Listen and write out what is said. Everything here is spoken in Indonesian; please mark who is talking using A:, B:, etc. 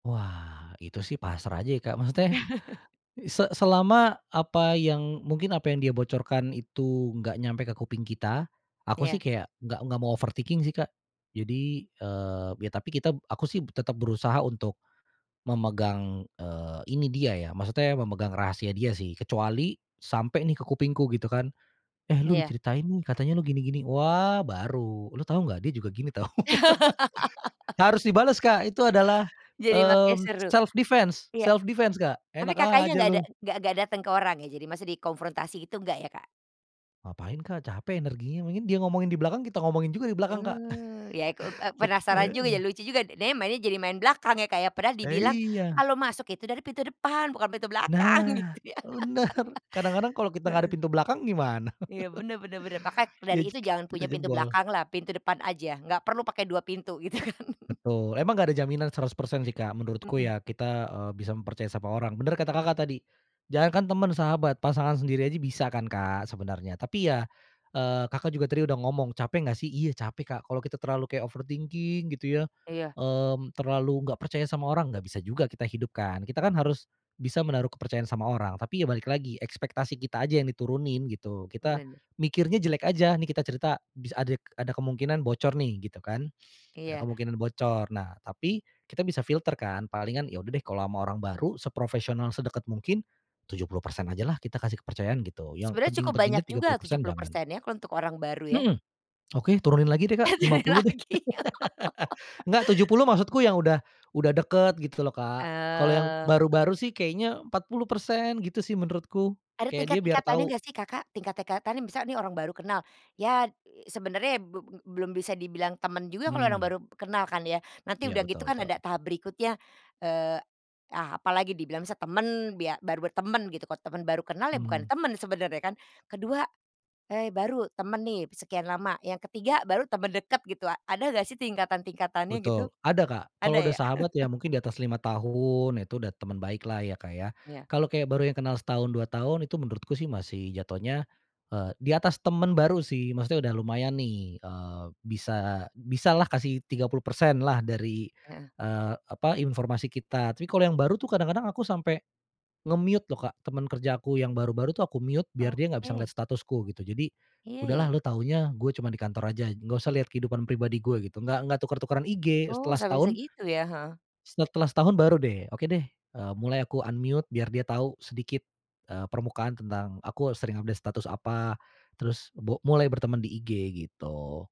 A: Wah, itu sih pasrah aja ya, Kak, maksudnya se selama apa yang mungkin apa yang dia bocorkan itu nggak nyampe ke kuping kita, aku
B: Iya.
A: sih kayak nggak nggak mau overthinking sih, Kak. Jadi eee, ya tapi kita aku sih tetap berusaha untuk memegang, eee, ini dia ya, maksudnya memegang rahasia dia sih. Kecuali sampai nih ke kupingku gitu kan, “Eh lu
B: Iya.
A: diceritain nih, katanya lu gini-gini.” Wah baru, “Lu tahu nggak dia juga gini tahu.” Harus dibales, Kak, itu adalah,
B: Jadi makin
A: mmm,
B: seru.
A: self defense
B: Iya.
A: self defense, Kak.
B: Tapi
A: “Enak
B: Kakaknya
A: aja
B: nggak ada
A: lu.”
B: nggak nggak dateng ke orang ya. Jadi maksud dikonfrontasi gitu enggak ya, Kak?
A: Ngapain Kak, capek energinya. dia ngomongin di belakang, kita ngomongin juga di belakang, Kak.
B: Mmm, Ya ikuk ep eee,
A: Eh,
B: penasaran juga ya,
A: heeh.
B: lucu juga. Dia mainnya jadi main belakang ya, Kak, ya? Padahal
A: Eh,
B: dibilang
A: iya.
B: kalau masuk itu dari pintu depan bukan pintu belakang gitu
A: Nah,
B: ya.
A: bener. Kadang-kadang kalau kita nggak ada
B: Heeh.
A: pintu belakang gimana?
B: Iya, bener bener bener. Maka
A: Ya,
B: dari itu
A: jeg
B: jangan
A: kita
B: punya pintu
A: jebol.
B: belakanglah, pintu depan aja, nggak perlu pakai dua pintu gitu kan.
A: Betul, emang nggak ada jaminan 100% sih, Kak. Menurutku
B: Mhm.
A: ya kita, eee, bisa mempercayai sama orang. Bener kata Kakak tadi, jangankan temen, sahabat, pasangan sendiri aja bisa kan, Kak, sebenarnya. Tapi ya, eee, Kakak juga tadi udah ngomong, "Capek nggak sih?" Iya, capek, Kak. Kalau kita terlalu kayak overthinking gitu ya,
B: Iya.
A: mmm, terlalu nggak percaya sama orang, nggak bisa juga kita hidup kan. Kita kan harus bisa menaruh kepercayaan sama orang. Tapi ya balik lagi ekspektasi kita aja yang diturunin gitu. Kita
B: Bener.
A: mikirnya jelek aja. Nih kita cerita, bis adik ada kemungkinan bocor nih gitu kan, ada
B: Iya.
A: kemungkinan bocor. Nah, tapi kita bisa filter kan, palingan ya udah deh kalau ama orang baru seprofesional, sedeket mungkin, 70% ajalah kita kasih kepercayaan gitu, yang
B: Sebenarnya cukup
A: penting-pentingnya
B: banyak
A: tiga puluh
B: juga tujuh
A: persen
B: puluh
A: jangan.
B: persen ya, kalau untuk orang baru yah.
A: Mhm. Oke, turunin lagi deh,
B: Eh,
A: Kak, lima
B: turunin
A: puluh deh.
B: lagi.
A: Enggak, 70 maksudku yang udah, udah deket gitu loh, Kak. Kalau yang
B: Eee.
A: baru-baru sih kayaknya 40% gitu sih menurutku.
B: Ada
A: Kayak dia biar
B: tingkat-tingkatannya
A: tahu
B: nggak sih Kakak? Tingkat-tingkatan misalnya ini orang baru kenal, ya sebenarnya b belum bisa dibilang teman juga kalau orang
A: Mmm.
B: baru kenal kan ya. Nanti
A: Iya,
B: udah gitu
A: betul
B: kan ada
A: betul.
B: tahap berikutnya. Eee, ah, apalagi dibilang misal temen, bia baru bertemen gitu. Kalo temen baru kenal ya bukan
A: Mmm.
B: temen sebenernya kan. Ke-2, eee, baru temen nih sekian lama, yang ke-3 baru temen deket gitu. Ada nggak sih tingkatan-tingkatannya gitu?
A: Betul, ada, Kak. Kalau
B: Ada
A: udah
B: ya?
A: sahabat ya mungkin di atas 5 tahun itu udah teman baiklah ya, Kak, ya.
B: Iya.
A: Kalau kayak baru yang kenal setahun, 2 tahun itu menurutku sih masih jatuhnya, eee, di atas temen baru sih, maksudnya udah lumayan nih. Eee, bisa bisalah kasih 30% lah dari,
B: Heeh.
A: eee, apa, informasi kita. Tapi kalau yang baru tuh kadang-kadang aku sampai nge-mute loh, Kak, temen kerja aku yang baru-baru tuh aku mute biar dia nggak bisa ngeliat
B: Oke.
A: statusku gitu. Jadi,
B: Iya,
A: “Udahlah
B: ya.
A: lu taunya gue cuma di kantor aja. Nggak usah lihat kehidupan pribadi gue,” gitu. Nggak nggak tuker-tukeran IG
B: Oh,
A: setelah
B: sampai bisa
A: setahun
B: gitu ya. Heeh.
A: setelah setahun baru deh. “Oke deh,” eee, mulai aku unmute biar dia tahu sedikit, eee, permukaan tentang aku sering update status apa terus bok mulai berteman di IG gitu.